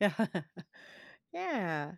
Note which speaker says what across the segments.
Speaker 1: Yeah,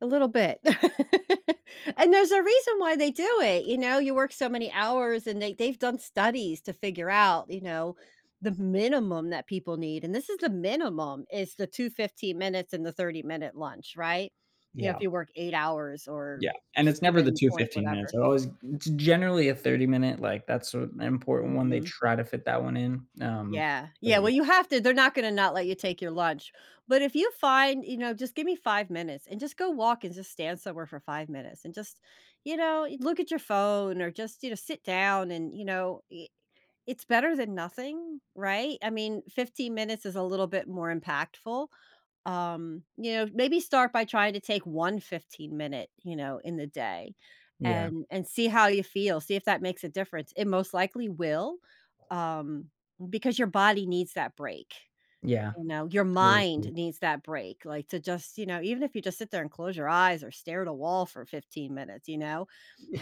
Speaker 1: a little bit. And there's a reason why they do it, you know, you work so many hours, and they they've done studies to figure out, you know, the minimum that people need, and this is the minimum, is the 2, 15 minutes and the thirty-minute lunch, right? You know, if
Speaker 2: Yeah.
Speaker 1: you work 8 hours or,
Speaker 2: Yeah, and it's never the
Speaker 1: 7
Speaker 2: 2
Speaker 1: point
Speaker 2: 15
Speaker 1: whatever.
Speaker 2: minutes, it's always uh, it's generally a 30 minute, like, that's sor an important one, they
Speaker 1: Mhm.
Speaker 2: try to fit that one in, um,
Speaker 1: Yeah, yeah
Speaker 2: but
Speaker 1: well,
Speaker 2: yeah.
Speaker 1: you have to, they're not gonna not let you take your lunch. But if you find, you know, just give me 5 minutes, and just go walk and just stand somewhere for 5 minutes and just, you know, eh, look at your phone, or just, you know, sit down, and you know, e it's better than nothing, right? I mean, 15 minutes is a little bit more impactful, um, you know, maybe start by trying to take one fifteen-minute, you know, in the day,
Speaker 2: Yeah.
Speaker 1: and and see how you feel, see if that makes a difference it most likely will, um, because your body needs that break,
Speaker 2: Yeah,
Speaker 1: you know, your
Speaker 2: totally
Speaker 1: mind
Speaker 2: true.
Speaker 1: needs that break, like to just, you know even if you just sit there and close your eyes or stare at a wall for 15 minutes, you know?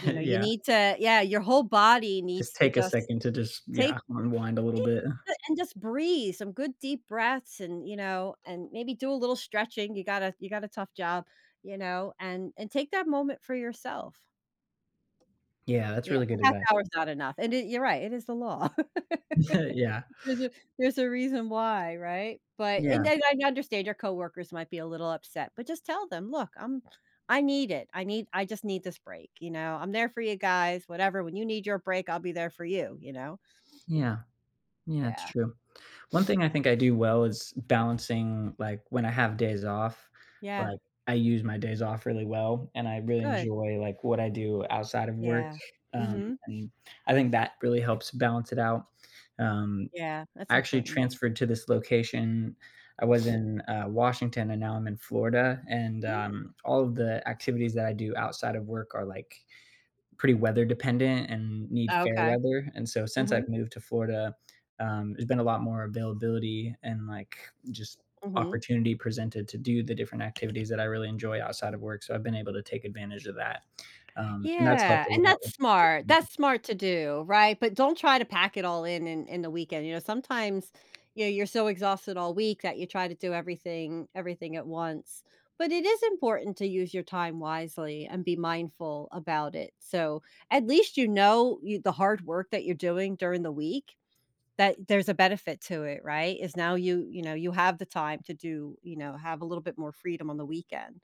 Speaker 1: You know, you
Speaker 2: Yeah.
Speaker 1: need to Yeah your whole body
Speaker 2: Just
Speaker 1: needs to
Speaker 2: take a
Speaker 1: just,
Speaker 2: second to just
Speaker 1: take
Speaker 2: yeah, unwind a little
Speaker 1: e
Speaker 2: bit.
Speaker 1: [unintelligible] and just breathe some good deep breaths and, you know and maybe do a little stretching you gotta you gotta tough job, you know, and and take that moment for yourself.
Speaker 2: Yeah, that's
Speaker 1: Yeah,
Speaker 2: really good
Speaker 1: a half
Speaker 2: advice.
Speaker 1: hour is not enough and it you're right it is the law.
Speaker 2: Yeah.
Speaker 1: ‘Cause if there's a reason why, right, but and
Speaker 2: Yeah.
Speaker 1: then I understand your coworkers might be a little upset, but just tell them, "Look, I'm I need it, I need I just need this break, you know? I'm there for you guys, whatever, when you need your break, I'll be there for you," you know?
Speaker 2: Yeah. Yeah, it's
Speaker 1: Yeah.
Speaker 2: true. One thing I think I do well is, balancing, like, when I have days off,
Speaker 1: Yeah.
Speaker 2: like, I use my days off really well and I really
Speaker 1: Good.
Speaker 2: enjoy, like, what I do outside of work,
Speaker 1: Yeah,
Speaker 2: um,
Speaker 1: mhm.
Speaker 2: and I think that really helps balance it out, um
Speaker 1: Yeah, that's
Speaker 2: I actually
Speaker 1: important.
Speaker 2: transferred to this location. I was in, uh, Washington, and now I'm in Florida, and,
Speaker 1: Mm.
Speaker 2: um, all of the activities that I do outside of work are, like, pretty weather dependent and need fair
Speaker 1: Okay.
Speaker 2: weather, and so, since
Speaker 1: Mhm.
Speaker 2: I've moved to Florida, um, there's been a lot more availability and, like, just
Speaker 1: Mhm.
Speaker 2: opportunity presented to do the different activities that I really enjoy outside of work so I've been able to take advantage of that, um, and that's
Speaker 1: Yeah,
Speaker 2: helped a
Speaker 1: and
Speaker 2: lot
Speaker 1: that's
Speaker 2: with,.
Speaker 1: smart,
Speaker 2: [unintelligible]
Speaker 1: that's smart to do, right? But don't try to pack it all in in in the weekend, you know, sometimes, you know, you're so, exhausted all week that you try to do everything everything at once, but it is important to use your time wisely and be mindful about it, so, at least you know you the hard work that you're doing during the week, that there's a benefit to it, right? It's now you you know, you have the time to do, you know have a little bit more freedom on the weekend.